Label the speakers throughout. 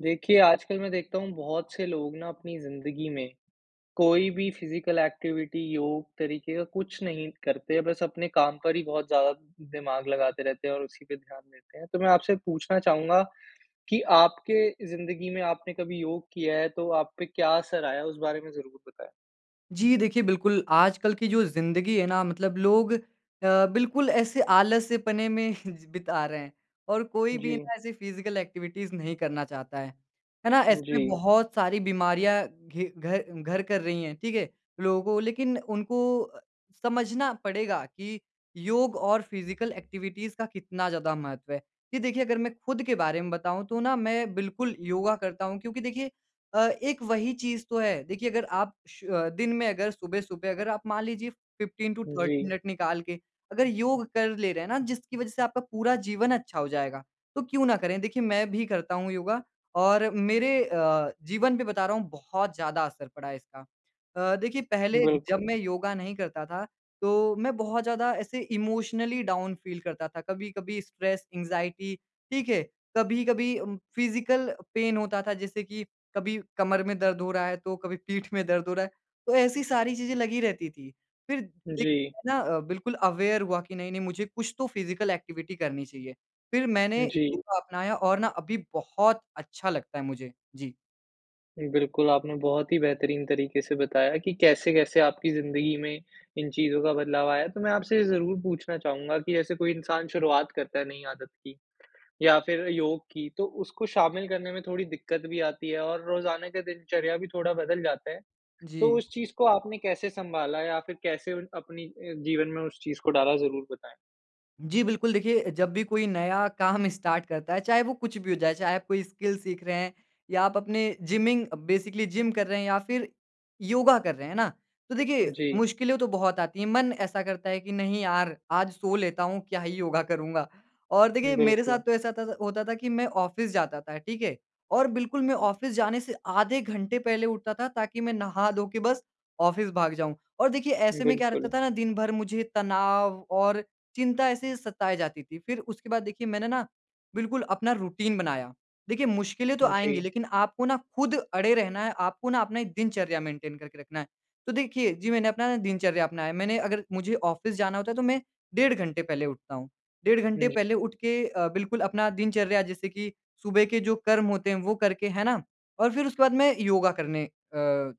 Speaker 1: देखिए आजकल मैं देखता हूँ बहुत से लोग ना अपनी ज़िंदगी में कोई भी फ़िज़िकल एक्टिविटी, योग तरीक़े का कुछ नहीं करते। बस अपने काम पर ही बहुत ज़्यादा दिमाग लगाते रहते हैं और उसी पे ध्यान देते हैं। तो मैं आपसे पूछना चाहूँगा कि आपके जिंदगी में आपने कभी योग किया है, तो आप पे क्या असर आया उस बारे में ज़रूर बताएँ?
Speaker 2: जी देखिए बिल्कुल, आजकल की जो ज़िंदगी है ना मतलब लोग अ, बिल्कुल ऐसे आलस्यपने में बिता रहे हैं। और कोई भी
Speaker 1: जी।
Speaker 2: ना ऐसी फ़िज़िकल एक्टिविटीज़ नहीं करना चाहता है। है ना, ऐसे में
Speaker 1: जी।
Speaker 2: बहुत सारी बीमारियाँ घे घर घर कर रही हैं ठीक है। लोगों लेकिन उनको समझना पड़ेगा कि योग और फ़िज़िकल एक्टिविटीज़ का कितना ज़्यादा महत्त्व है। जी देखिए, अगर मैं खुद के बारे में बताऊँ तो ना मैं बिल्कुल योगा करता हूँ क्योंकि देखिए अ, एक वही चीज़ तो है। देखिए अगर आप श दिन में अगर सुबह-सुबह अगर आप मान लीजिए 15 टू 30
Speaker 1: जी।
Speaker 2: मिनट निकाल के अगर योग कर ले रहे हैं ना, जिसकी वज़ह से आपका पूरा जीवन अच्छा हो जाएगा, तो क्यों ना करें? देखिए मैं भी करता हूँ योगा और मेरे अ, जीवन पे बता रहा हूँ बहुत ज़्यादा असर पड़ा इसका। अ, देखिए पहले जब
Speaker 1: बिल्कुल।
Speaker 2: मैं योगा नहीं करता था तो मैं बहुत ज़्यादा ऐसे इमोशनली डाउन फ़ील करता था। कभी-कभी स्ट्रेस, एंज़ाइटी ठीक है। कभी-कभी उम, फ़िज़िकल पेन होता था जैसे कि कभी कमर में दर्द हो रहा है, तो कभी पीठ में दर्द हो रहा है। तो ऐसी सारी चीज़ें लगी रहती थीं। फिर एक
Speaker 1: जी।
Speaker 2: दिन ना बिल्कुल अवेयर हुआ कि नहीं-नहीं मुझे कुछ तो फ़िज़िकल एक्टिविटी करनी चाहिए। फिर मैंने
Speaker 1: जी।
Speaker 2: योगा अपनाया और ना अभी बहुत अच्छा लगता है मुझे। जी।
Speaker 1: बिल्कुल, आपने बहुत ही बेहतरीन तरीके से बताया कि कैसे-कैसे आपकी ज़िंदगी में इन चीज़ों का बदलाव आया। तो मैं आपसे ये ज़रूर पूछना चाहूँगा कि जैसे कोई इंसान शुरुआत करता है नई आदत की या फिर योग की, तो उसको शामिल करने में थोड़ी दिक्कत भी आती है और रोज़ाना का दिनचर्या भी थोड़ा बदल जाते हैं। तो
Speaker 2: जी।
Speaker 1: उस चीज़ को आपने कैसे सँभाला या फिर कैसे अपनी अ, जीवन में उस चीज़ को डाला? ज़रूर बताएँ।
Speaker 2: जी बिल्कुल, देखिए, जब भी कोई नया काम स्टार्ट करता है, चाहे वो कुछ भी हो जाए, चाहे आप कोई स्किल सीख रहे हैं या आप अपने जिमिंग बेसिकली जिम कर रहे हैं या फिर योगा कर रहे हैं, है ना? तो देखिए,
Speaker 1: जी।
Speaker 2: मुश्किलें तो बहुत आती हैं। मन ऐसा करता है कि, "नहीं यार, आज सो लेता हूँ, क्या ही योगा करूँगा?" और देखिए मेरे साथ
Speaker 1: बिल्कुल।
Speaker 2: तो ऐसा त था होता था कि मैं ऑफ़िस जाता था, ठीक है? और बिल्कुल मैं ऑफ़िस जाने से आधे घंटे पहले उठता था ताकि मैं नहा धो के बस ऑफ़िस भाग जाऊँ। और देखिए, ऐसे में क्या रहता
Speaker 1: बिल्कुल।
Speaker 2: था ना दिन भर मुझे तनाव और चिंता ऐसे ही सताए जाती थी। फिर उसके बाद देखिए मैंने ना, बिल्कुल अपना रूटीन बनाया। देखिए, मुश्किलें तो आएँगी
Speaker 1: जी।
Speaker 2: लेकिन आपको ना खुद अड़े रहना है, आपको ना अपना एक दिनचर्या मेंटेन करके रखना है। तो देखिए, जी मैंने अपना ना दिनचर्या अपनाया। मैंने अगर मुझे ऑफ़िस जाना होता है, तो मैं डेढ़ घंटे पहले उठता हूँ। डेढ़ घंटे
Speaker 1: ज
Speaker 2: पहले उठके अ, बिल्कुल अपना दिनचर्या जैसे कि सुबह के जो कर्म होते हैं वो करके, है ना? और फिर उसके बाद मैं योगा करने अ,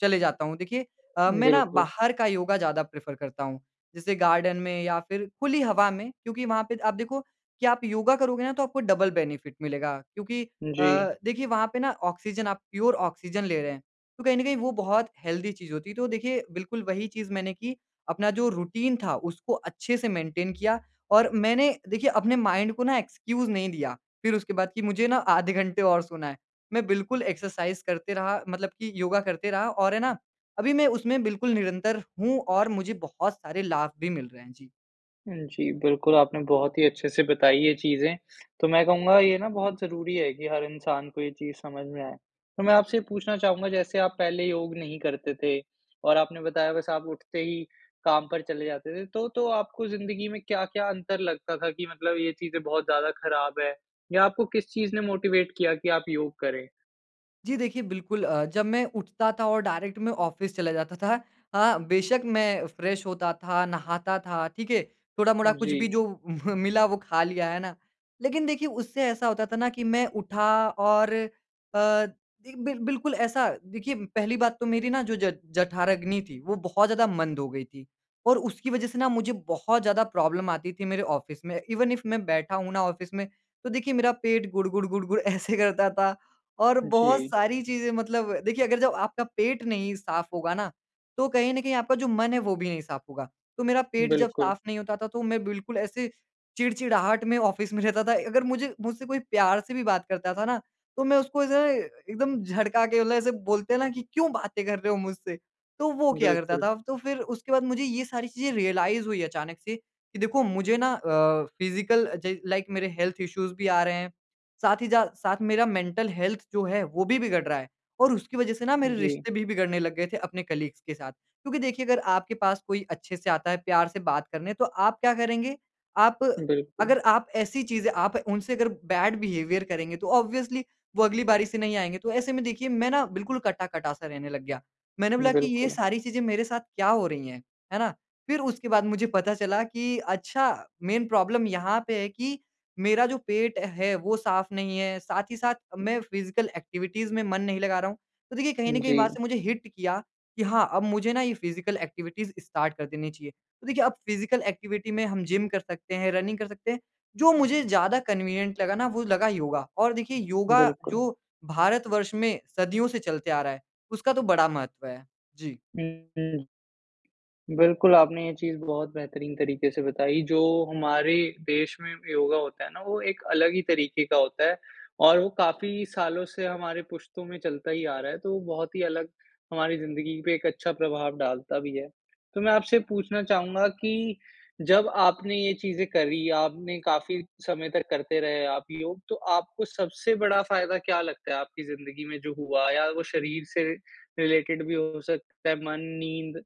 Speaker 2: चले जाता हूँ। देखिए अ, मैं ना
Speaker 1: बिल्कुल।
Speaker 2: बाहर का योगा ज़्यादा प्रेफ़र करता हूँ। जैसे गार्डन में या फिर खुली हवा में क्योंकि वहाँ पे आप देखो कि आप योगा करोगे ना तो आपको डबल बेनिफिट मिलेगा, क्योंकि अ,
Speaker 1: जी।
Speaker 2: देखिए वहाँ पे ना ऑक्सीजन आप प्योर ऑक्सीजन ले रहे हैं। तो कहीं न कहीं वो बहुत हेल्दी चीज़ होती है। तो देखिए, बिल्कुल वही चीज़ मैंने की। अपना जो रूटीन था, उसको अच्छे से मेंटेन किया। और मैंने, देखिए अपने माइंड को ना एक्सक्यूज़ नहीं दिया फिर उसके बाद कि, "मुझे ना आधे घंटे और सोना है।" मैं बिल्कुल एक्सरसाइज़ करते रहा मतलब कि योगा करते रहा और है ना, अभी मैं उसमें बिल्कुल निरंतर हूँ और मुझे बहुत सारे लाभ भी मिल रहे हैं। जी।
Speaker 1: हुँ, जी। बिल्कुल आपने बहुत ही अच्छे से बताई ये चीज़ें तो मैं कहूँगा ये ना बहुत ज़रूरी है कि हर इंसान को ये चीज़ समझ में आए। तो मैं आपसे पूछना चाहूँगा जैसे आप पहले योग नहीं करते थे और आपने बताया बस आप उठते ही काम पर चले जाते थे। तो तो आपको ज़िन्दगी में क्या-क्या अंतर लगता था कि मतलब ये चीज़ें बहुत ज़्यादा ख़राब है या आपको किस चीज़ ने मोटिवेट किया कि आप योग करें?
Speaker 2: जी। देखिए बिल्कुल अ, जब मैं उठता था और डायरेक्ट मैं ऑफ़िस चला जाता था। हाँ, बेशक मैं फ्रेश होता था नहाता था ठीक है थोड़ा-मोड़ा कुछ भी
Speaker 1: जी।
Speaker 2: जो उम मिला वो खा लिया। है ना? लेकिन देखिए उससे ऐसा होता था ना कि मैं उठा और अ, एक बिर बिल्कुल ऐसा देखिए पहली बात तो मेरी ना जो ज जठराग्नि थी वो बहुत ज़्यादा मंद हो गई थी और उसकी वज़ह से ना मुझे बहुत ज़्यादा प्रॉब्लम आती थी मेरे ऑफ़िस में इवेन इफ़ मैं बैठा हूँ ना ऑफ़िस में तो देखिए मेरा पेट गुड़-गुड़ गुड़-गुड़ ऐसे करता था। और बहुत
Speaker 1: जी।
Speaker 2: सारी चीज़ें मतलब देखिए अगर जब आपका पेट नहीं साफ होगा ना तो कहीं न कहीं आपका जो मन है वो भी नहीं साफ होगा। तो मेरा पेट जब
Speaker 1: बिल्कुल।
Speaker 2: साफ नहीं होता था तो मैं बिल्कुल ऐसे चिड़चिड़ाहट में ऑफ़िस में रहता था। अगर मुझे मुझसे कोई प्यार से भी बात करता था ना, तो मैं उसको ऐसे एकदम झड़का के मतलब ऐसे बोलते हैं ना कि क्यों बातें कर रहे हो मुझसे? तो वो किया करता
Speaker 1: बिल्कुल।
Speaker 2: था। तो फिर उसके बाद मुझे ये सारी चीज़ें रियलाइज़ हुई अचानक से कि देखो मुझे ना अ, फिज़िकल अ, ज लाइक मेरे हेल्थ इश्यूज़ भी आ रहे हैं। साथ ही ज, साथ मेरा मेंटल हेल्थ जो है वो भी बिगड़ रहा है। और उसकी वज़ह से ना मेरे
Speaker 1: जी।
Speaker 2: रिश्ते भी बिगड़ने लग गए थे अपने कलीग्स के साथ। क्योंकि देखिए अगर आपके पास कोई अच्छे से आता है प्यार से बात करने तो आप क्या करेंगे? आप
Speaker 1: बिल्कुल।
Speaker 2: अगर आप ऐसी चीज़ें आप उनसे अगर बैड बिहेवियर करेंगे तो ऑब्वियसली वो अगली बारी से नहीं आएँगे। तो ऐसे में देखिए मैं ना बिल्कुल कटा-कटा सा रहने लग गया। मैंने बोला कि ये
Speaker 1: बिल्कुल।
Speaker 2: सारी चीजें मेरे साथ क्या हो रही हैं। है ना? फिर उस उसके बाद मुझे पता चला कि अच्छा मेन प्रॉब्लम यहाँ पे है कि मेरा जो पेट है वो साफ नहीं है। साथ ही साथ मैं फिज़िकल एक्टिविटीज़ में मन नहीं लगा रहा हूँ। तो देखिए कहीं न कहीं वहाँ
Speaker 1: जी।
Speaker 2: से मुझे हिट किया कि हाँ अब मुझे ना ये फिज़िकल एक्टिविटीज़ स्टार्ट कर देनी चाहिए। तो देखिए अब फिज़िकल एक्टिविटी में हम जिम कर सकते हैं, रनिंग कर सकते हैं। जो मुझे ज़्यादा कन्वीनिएंट लगा ना वो लगा योगा और देखिए योगा
Speaker 1: बिल्कुल।
Speaker 2: जो भारत वर्ष में सदियों से चलते आ रहा है उसका तो बड़ा महत्व है। जी।
Speaker 1: [unintelligible] बिल्कुल आपने ये चीज़ बहुत बेहतरीन तरीके से बताई जो हमारे देश में योगा होता है ना वो एक अलग ही तरीके का होता है और वो काफ़ी सालों से हमारे पुश्तों में चलता ही आ रहा है। तो वो बहुत ही अलग हमारी ज़िन्दगी पे एक अच्छा प्रभाव डालता भी है। तो मैं आपसे पूछना चाहूँगा कि जब आपने ये चीज़ें करी आपने काफ़ी समय तक करते रहे आप योग तो आपको सबसे बड़ा फ़ायदा क्या लगता है आपकी ज़िन्दगी में जो हुआ? या वो शरीर से रिलेटेड भी हो सकता है। मन, नींद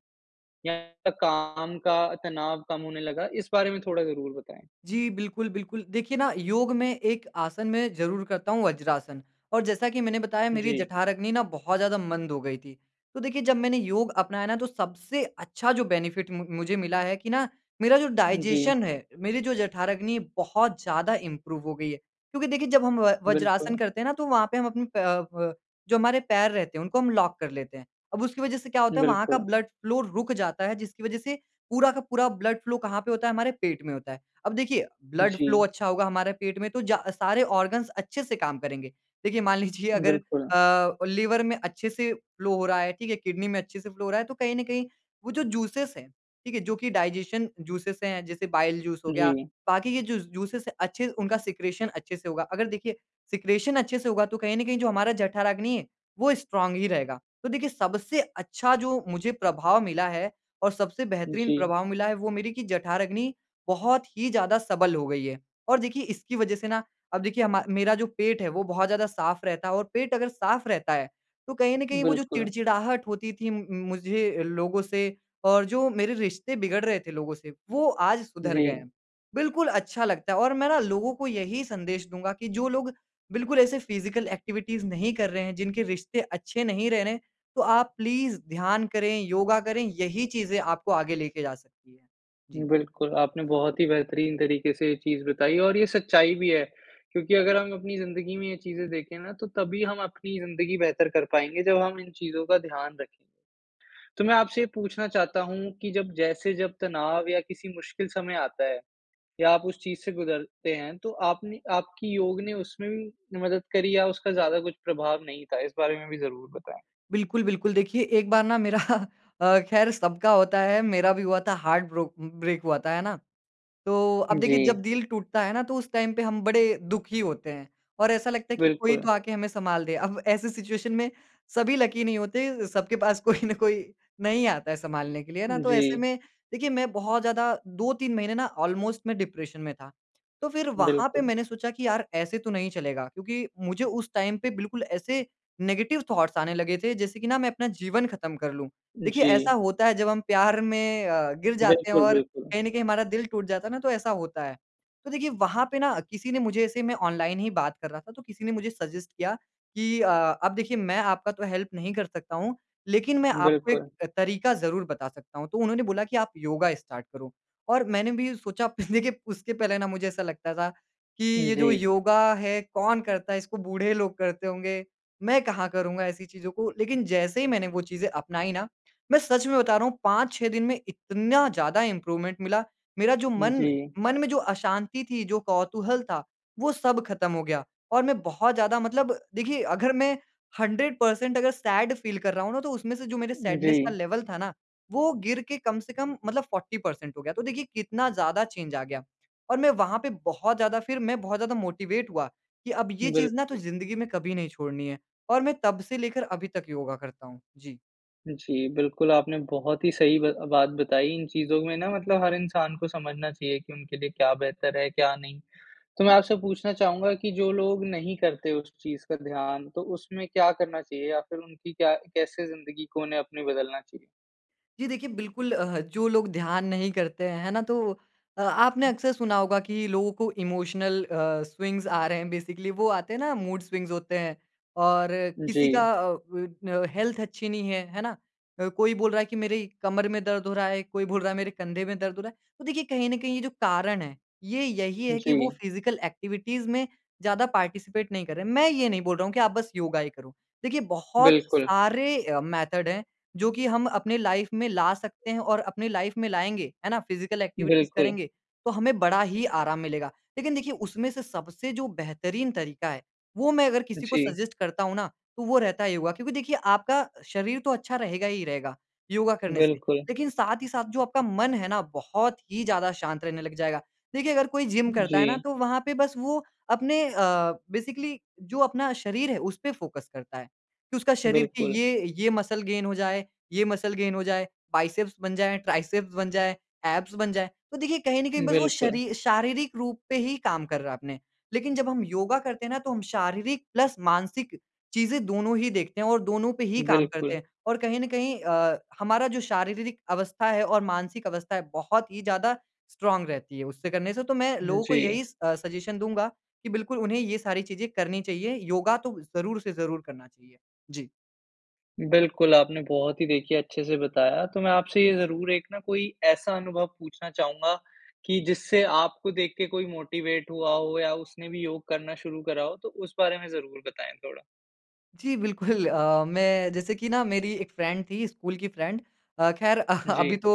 Speaker 1: या काम का तनाव कम होने लगा। इस बारे में थोड़ा ज़रूर बताएँ।
Speaker 2: जी। बिल्कुल, बिल्कुल देखिए ना योग में एक आसन मैं ज़रूर करता हूँ वज्रासन और जैसा कि मैंने बताया मेरी
Speaker 1: जी।
Speaker 2: जठराग्नि ना बहुत ज़्यादा मंद हो गई थी। तो देखिए जब मैंने योग अपनाया ना तो सबसे अच्छा जो बेनिफ़िट मु मुझे मिला है कि ना मेरा जो
Speaker 1: उ, जी।
Speaker 2: डाइज़ेशन है मेरी जो जठराग्नि बहुत ज़्यादा इंप्रूव हो गई है। क्योंकि देखिए जब हम व वज्रासन
Speaker 1: बिल्कुल।
Speaker 2: करते हैं ना तो वहाँ पे हम अपने प प जो हमारे पैर रहते हैं उनको हम लॉक कर लेते हैं। अब उसकी वज़ह से क्या होता है वहाँ का
Speaker 1: बिल्कुल।
Speaker 2: ब्लड फ़्लो रुक जाता है जिसकी वज़ह से पूरा का पूरा ब्लड फ़्लो कहाँ पे होता है हमारे पेट में होता है। अब देखिए ब्लड फ़्लो
Speaker 1: जी।
Speaker 2: अच्छा होगा हमारे पेट में तो जै सारे ऑर्गन्स अच्छे से काम करेंगे। देखिए मान लीजिए अगर
Speaker 1: बिल्कुल।
Speaker 2: अ, लिवर में अच्छे से फ़्लो हो रहा है, ठीक है, किडनी में अच्छे से फ़्लो हो रहा है तो कहीं न कहीं वो जो जूसेज़ है, ठीक है जो कि डाइजेशन जूसेज़ हैं जैसे बाइल जूस हो गया।
Speaker 1: जी।
Speaker 2: बाकी ये जो जूसेज़ है अच्छे उनका सिक्रेशन अच्छे से होगा। अगर देखिए सिक्रेशन अच्छे से होगा तो कहीं न कहीं जो हमारा जठराग्नि है वो स्ट्रॉंग ही रहेगा। तो देखिए सबसे अच्छा जो मुझे प्रभाव मिला है और सबसे बेहतरीन
Speaker 1: जी।
Speaker 2: प्रभाव मिला है वो मेरी कि जठराग्नि बहुत ही ज़्यादा सबल हो गई है। और देखिए इसकी वज़ह से ना अब देखिए हम मेरा जो पेट है वो बहुत ज़्यादा साफ रहता है और पेट अगर साफ रहता है तो कहीं न कहीं वो जो
Speaker 1: बिल्कुल।
Speaker 2: चिड़चिड़ाहट होती थी मु मुझे लोगों से और जो मेरे रिश्ते बिगड़ रहे थे लोगों से वो आज सुधर गए
Speaker 1: जी।
Speaker 2: हैं। बिल्कुल अच्छा लगता है और मैं ना लोगों को यही संदेश दूँगा कि जो लोग बिल्कुल ऐसे फिज़िकल एक्टिविटीज़ नहीं कर रहे हैं जिनके रिश्ते अच्छे नहीं रह रहे हैं। तो आप प्लीज़ ध्यान करें योगा करें। यही चीज़ें आपको आगे लेके जा सकती है। जी।
Speaker 1: बिल्कुल आपने बहुत ही बेहतरीन तरीके से ये चीज़ बताई और ये सच्चाई भी है। क्योंकि अगर हम अपनी ज़िन्दगी में ये चीज़ें देखें ना तो तभी हम अपनी ज़िन्दगी बेहतर कर पाएँगे जब हम इन चीज़ों का ध्यान रखेंगे। तो मैं आपसे ये पूछना चाहता हूँ कि जब जैसे जब तनाव या किसी मुश्किल समय आता है या आप उस चीज़ से गुजरते हैं तो आपने आपकी योग ने उसमें भी मदद करी या उसका ज़्यादा कुछ प्रभाव नहीं था इस बारे में भी ज़रूर बताएँ?
Speaker 2: बिल्कुल, बिल्कुल। देखिए एक बार ना मेरा अ, खैर सबका होता है मेरा भी हुआ था हार्ट ब्रोक ब्रेक हुआ था है ना? तो अब देखिए जब
Speaker 1: जी।
Speaker 2: दिल टूटता है ना तो उस टाइम पे हम बड़े दुखी होते हैं। और ऐसा लगता है कि कोई तो
Speaker 1: बिल्कुल।
Speaker 2: आके हमें संभाल दे। अब ऐसी सिचुएशन में सभी लकी नहीं होते, सबके पास कोई न कोई नहीं आता है संभालने के लिए। है ना? तो ऐसे
Speaker 1: जी।
Speaker 2: में देखिए मैं बहुत ज़्यादा 2-3 महीने ना ऑलमोस्ट मैं डिप्रेशन में था। तो फिर वहाँ पे
Speaker 1: बिल्कुल।
Speaker 2: मैंने सोचा कि यार! ऐसे तो नहीं चलेगा। क्योंकि मुझे उस टाइम पे बिल्कुल ऐसे नेगेटिव थॉट्स आने लगे थे जैसे कि ना मैं अपना जीवन ख़त्म कर लूँ। देखिए
Speaker 1: जी।
Speaker 2: ऐसा होता है जब हम प्यार में अ, गिर जाते हैं
Speaker 1: बिल्कुल,
Speaker 2: और
Speaker 1: बिल्कुल।
Speaker 2: कहीं न कहीं हमारा दिल टूट जाता है ना, तो ऐसा होता है। तो देखिए वहाँ पे ना किसी ने मुझे ऐसे मैं ऑनलाइन ही बात कर रहा था, तो किसी ने मुझे सजेस्ट किया कि अ, अब देखिए मैं आपका तो हेल्प नहीं कर सकता हूँ। लेकिन मैं आपको एक
Speaker 1: बिल्कुल।
Speaker 2: तरीका ज़रूर बता सकता हूँ। तो उन्होंने बोला कि आप योगा स्टार्ट करो। और मैंने भी सोचा देखिए उसके पहले ना मुझे ऐसा लगता था कि ये
Speaker 1: जी।
Speaker 2: जो योगा है, कौन करता है? इसको बूढ़े लोग करते होंगे। मैं कहाँ करूँगा ऐसी चीज़ों को, लेकिन जैसे ही मैंने वो चीज़ें अपनाई ना, मैं सच में बता रहा हूँ 5-6 दिन में इतना ज़्यादा इंप्रूवमेंट मिला। मेरा जो मन
Speaker 1: जी।
Speaker 2: मन में जो अशांति थी। जो कौतूहल था, वो सब ख़त्म हो गया। और मैं बहुत ज़्यादा मतलब देखिए अगर मैं 100% अगर सैड फ़ील कर रहा हूँ ना तो उसमें से जो मेरे सैडनेस का
Speaker 1: जी।
Speaker 2: लेवल था ना, वो गिर के कम से कम मतलब 40% हो गया। तो देखिए कितना ज़्यादा चेंज आ गया। और मैं वहाँ पे बहुत ज़्यादा फिर मैं बहुत ज़्यादा मोटिवेट हुआ कि अब ये चीज़ ना तो
Speaker 1: बिल्कुल।
Speaker 2: ज़िन्दगी में कभी नहीं छोड़नी है। और मैं तब से लेकर अभी तक योगा करता हूँ। जी।
Speaker 1: जी, बिल्कुल, आपने बहुत ही सही ब बात बताई। इन चीज़ों में ना मतलब हर इंसान को समझना चाहिए कि उनके लिए क्या बेहतर है, क्या नहीं। तो मैं आपसे पूछना चाहूँगा कि जो लोग नहीं करते उस चीज़ का ध्यान, तो उसमें क्या करना चाहिए या फिर उनकी क्या कैसे ज़िंदगी को उन्हें अपनी बदलना चाहिए?
Speaker 2: जी देखिए, बिल्कुल अ, ह जो लोग ध्यान नहीं करते हैं, है ना तो अ, आपने अक्सर सुना होगा कि लोगों को इमोशनल अ, स्विंग्स आ रहे हैं। बेसिकली वो आते हैं ना मूड स्विंग्स होते हैं और किसी
Speaker 1: जी।
Speaker 2: का अ, बन अ, हेल्थ अच्छी नहीं है, है ना? अ, कोई बोल रहा है कि, "मेरी कमर में दर्द हो रहा है।" कोई बोल रहा है, "मेरे कंधे में दर्द हो रहा है।" तो देखिए कहीं ना कहीं ये जो कारण हैं, ये यही है कि वो
Speaker 1: जी।
Speaker 2: फिज़िकल ऐक्टिविटीज़ में ज़्यादा पार्टिसिपेट नहीं कर रहे। मैं ये नहीं बोल रहा हूँ कि आप बस योगा ही करो। देखिए बहुत
Speaker 1: बिल्कुल।
Speaker 2: सारे अ, मेथड हैं, जो कि हम अपनी लाइफ़ में ला सकते हैं और अपनी लाइफ़ में लाएँगे, है ना, फिज़िकल ऐक्टिविटीज़
Speaker 1: बिल्कुल।
Speaker 2: करेंगे, तो हमें बड़ा ही आराम मिलेगा। लेकिन देखिए, उसमें से सबसे जो बेहतरीन तरीका है, वो मैं अगर किसी को
Speaker 1: जी।
Speaker 2: सजेस्ट करता हूँ ना, तो वो रहता है योगा क्योंकि देखिए आपका शरीर तो अच्छा रहेगा ही रहेगा, योगा करने से।
Speaker 1: बिल्कुल।
Speaker 2: लेकिन साथ ही साथ जो आपका मन है ना बहुत ही ज़्यादा शाँत रहने लग जाएगा। देखिए, अगर कोई जिम करता है ना
Speaker 1: जी।
Speaker 2: तो वहाँ पे बस वो अपने अ, बेसिकली जो अपना शरीर है, उसपे फ़ोकस करता है, कि उसका शरीर की
Speaker 1: बिल्कुल।
Speaker 2: ये ये मसल गेन हो जाए ये मसल गेन हो जाए, बाइसेप्स बन जाएँ, ट्राइसेप्स बन जाएँ, ऐब्स बन जाएँ। तो देखिए, कहीं ना कहीं बस वो
Speaker 1: बिल्कुल।
Speaker 2: शरी शारीरिक रूप पे ही काम कर रहा अपने। लेकिन जब हम योगा करते हैं ना, तो हम शारीरिक प्लस मानसिक चीज़ें दोनों ही देखते हैं और दोनों पे ही काम करते
Speaker 1: बिल्कुल।
Speaker 2: हैं और कहीं ना कहीं अ, हमारा जो शारीरिक अवस्था है और मानसिक अवस्था है, बहुत ही ज़्यादा स्ट्रॉन्ग रहती है उससे करने से। तो मैं लोगों को
Speaker 1: जी।
Speaker 2: यही स अ, सजेशन दूँगा कि बिल्कुल, उन्हें ये सारी चीज़ें करनी चाहिए। योगा तो ज़रूर से ज़रूर करना चाहिए। जी।
Speaker 1: बिल्कुल, आपने बहुत ही देखिए अच्छे से बताया। तो मैं आपसे ये ज़रूर एक ना कोई ऐसा अनुभव पूछना चाहूँगा कि जिससे आपको देख के कोई मोटिवेट हुआ हो या उसने भी योग करना शुरू करा हो, तो उस बारे में ज़रूर बताएँ थोड़ा।
Speaker 2: जी बिल्कुल अ, मैं जैसे कि ना मेरी एक फ्रेंड थी, स्कूल की फ्रेंड। अ, ख़ैर अभी
Speaker 1: जी।
Speaker 2: तो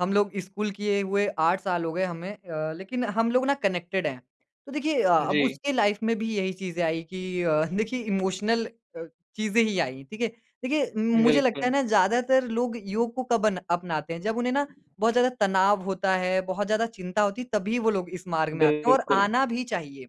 Speaker 2: हम लोग स्कूल किए हुए 8 साल हो गए हमें अ, लेकिन हम लोग ना कनेक्टेड हैं। तो देखिए अ, अब
Speaker 1: जी।
Speaker 2: उसके लाइफ़ में भी यही चीज़ें आई कि अ, देखिए इमोशनल अ, चीज़ें ही आईं, ठीक है। देखिए उम, मुझे लगता है
Speaker 1: बिल्कुल।
Speaker 2: ना ज़्यादातर लोग योग को कब अन अपनाते हैं? जब उन्हें ना बहुत ज़्यादा तनाव होता है, बहुत ज़्यादा चिंता होती है तभी वो लोग इस मार्ग में आते हैं और
Speaker 1: बिल्कुल।
Speaker 2: आना भी चाहिए।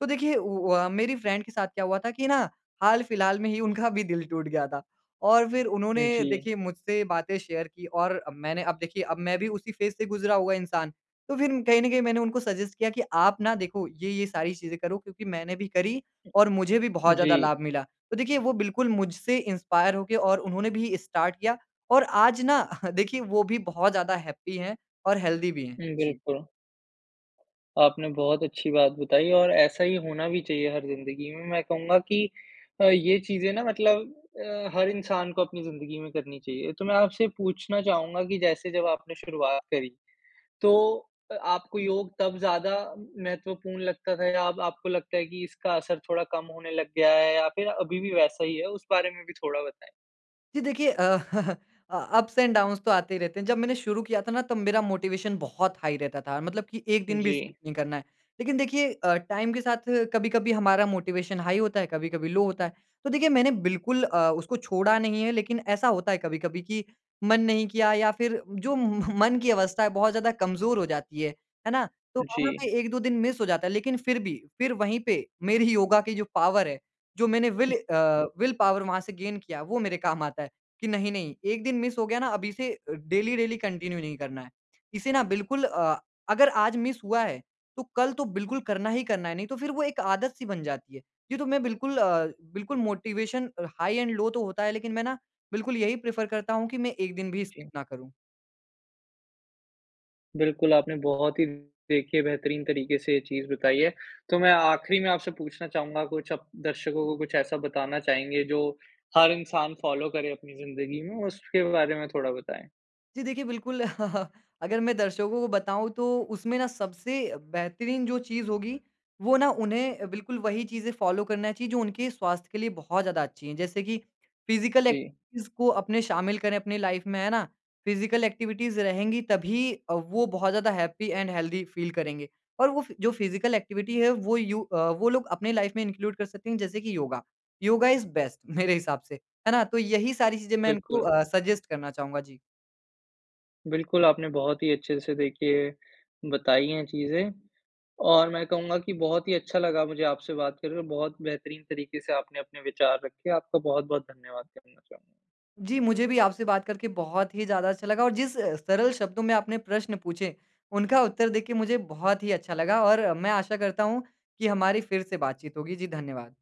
Speaker 2: तो देखिए उ उ अ, मेरी फ्रेंड के साथ क्या हुआ था कि ना हाल-फिलहाल में ही उनका भी दिल टूट गया था और फिर उन्होंने
Speaker 1: जी।
Speaker 2: देखिए मुझसे बातें शेयर की और अ, मैंने अब देखिए अब मैं भी उसी फेज़ से गुज़रा हुआ इंसान। तो फिर कहीं ना कहीं मैंने उनको सजेस्ट किया कि आप ना देखो, "ये, ये सारी चीज़ें करो क्योंकि मैंने भी करी और मुझे भी बहुत ज़्यादा
Speaker 1: जी।
Speaker 2: लाभ मिला।" तो देखिए, वो बिल्कुल मुझसे इंस्पायर होके और उन्होंने भी स्टार्ट किया और आज ना देखिए, वो भी बहुत ज़्यादा हैप्पी हैं और हेल्दी भी हैं।
Speaker 1: हुँ,
Speaker 2: जी।
Speaker 1: बिल्कुल। आपने बहुत अच्छी बात बताई और ऐसा ही होना भी चाहिए हर ज़िंदगी में। मैं कहूँगा कि अ, ये चीज़ें ना मतलब अ, हर इंसान को अपनी ज़िंदगी में करनी चाहिए। तो मैं आपसे पूछना चाहूँगा कि जैसे जब आपने शुरुआत करी, तो अ, आपको योग तब ज़्यादा महत्वपूर्ण लगता था या अब आपको लगता है कि इसका असर थोड़ा कम होने लग गया है या फिर अभी भी वैसा ही है? उस बारे में भी थोड़ा बताएँ।
Speaker 2: जी देखिए अ, अप्स एंड डाउन्स तो आते ही रहते हैं। जब मैंने शुरू किया था ना तब मेरा मोटिवेशन बहुत हाई रहता था। मतलब कि एक दिन भी
Speaker 1: जी।
Speaker 2: स्किप नहीं करना है। लेकिन देखिए अ, टाइम के साथ कभी-कभी हमारा मोटिवेशन हाई होता है, कभी-कभी लो होता है। तो देखिए मैंने बिल्कुल अ, उसको छोड़ा नहीं है लेकिन ऐसा होता है कभी-कभी कि मन नहीं किया या फ़िर जो म मन की अवस्था है बहुत ज़्यादा कमज़ोर हो जाती है। है ना? तो वहाँ
Speaker 1: जी।
Speaker 2: ना एक-दो दिन मिस हो जाता है। लेकिन फ़िर भी फ़िर वहीं पे मेरी योगा की जो पावर है, जो मैंने विल अ, विल पावर वहाँ से गेन किया, वो मेरे काम आता है। कि नहीं, नहीं एक दिन मिस हो गया ना अब इसे अ, डेली डेली कंटिन्यू नहीं करना है। इसे ना बिल्कुल अ, अगर आज मिस हुआ है, तो कल तो बिल्कुल करना ही करना है नहीं तो फ़िर वो एक आदत सी बन जाती है। जी तो मैं बिल्कुल अ, बिल्कुल मोटिवेशन अ, हाई एंड लो तो होता है लेकिन मैं ना बिल्कुल यही प्रेफ़र करता हूँ कि मैं एक दिन भी स्किप
Speaker 1: जी।
Speaker 2: ना करूँ।
Speaker 1: बिल्कुल आपने बहुत ही देखिए बेहतरीन तरीके से ये चीज़ बताई है। तो मैं आखिरी में आपसे पूछना चाहूँगा कुछ आप दर्शकों को कुछ ऐसा बताना चाहेंगे जो हर इंसान फॉलो करे अपनी ज़िंदगी में उसके बारे में थोड़ा बताएँ?
Speaker 2: जी देखिए बिल्कुल अगर मैं दर्शकों को बताऊँ तो उसमें ना सबसे अ, बेहतरीन जो चीज़ होगी वो ना उन्हें बिल्कुल वही चीज़ें फॉलो करना चाहिए जो उनके स्वास्थ्य के लिए बहुत ज़्यादा अच्छी है। जैसे कि फिजिकल
Speaker 1: जी।
Speaker 2: एक्टिविटीज़ को अपने शामिल करें अपनी लाइफ में है ना? फिजिकल एक्टिविटीज़ रहेंगी तभी अ, वो बहुत ज़्यादा हैपी एंड हेल्थी फील है करेंगे और वो फ जो फिजिकल एक्टिविटी है वो यू अ, वो लोग अपनी लाइफ में इंक्लूड कर सकते हैं जैसे कि योगा। योगा इज़ बेस्ट मेरे हिसाब से, है ना? तो यही सारी चीज़ें मैं उनको
Speaker 1: बिल्कुल।
Speaker 2: अ, सजेस्ट करना चाहूँगा। जी।
Speaker 1: बिल्कुल आपने बहुत ही अच्छे से देखिए बताई हैं चीज़े। और मैं कहूँगा कि बहुत ही अच्छा लगा मुझे आपसे बात करके, बहुत बेहतरीन तरीके से आपने अपने विचार रखे। आपका बहुत, बहुत धन्यवाद करना चाहूँगा।
Speaker 2: जी मुझे भी आपसे बात करके बहुत ही ज़्यादा अच्छा लगा और जिस अ, सरल शब्दों में आपने प्रश्न पूछे उनका उत्तर देके मुझे बहुत ही अच्छा लगा। और मैं आशा करता हूँ कि हमारी फ़िर से बातचीत होगी। जी धन्यवाद!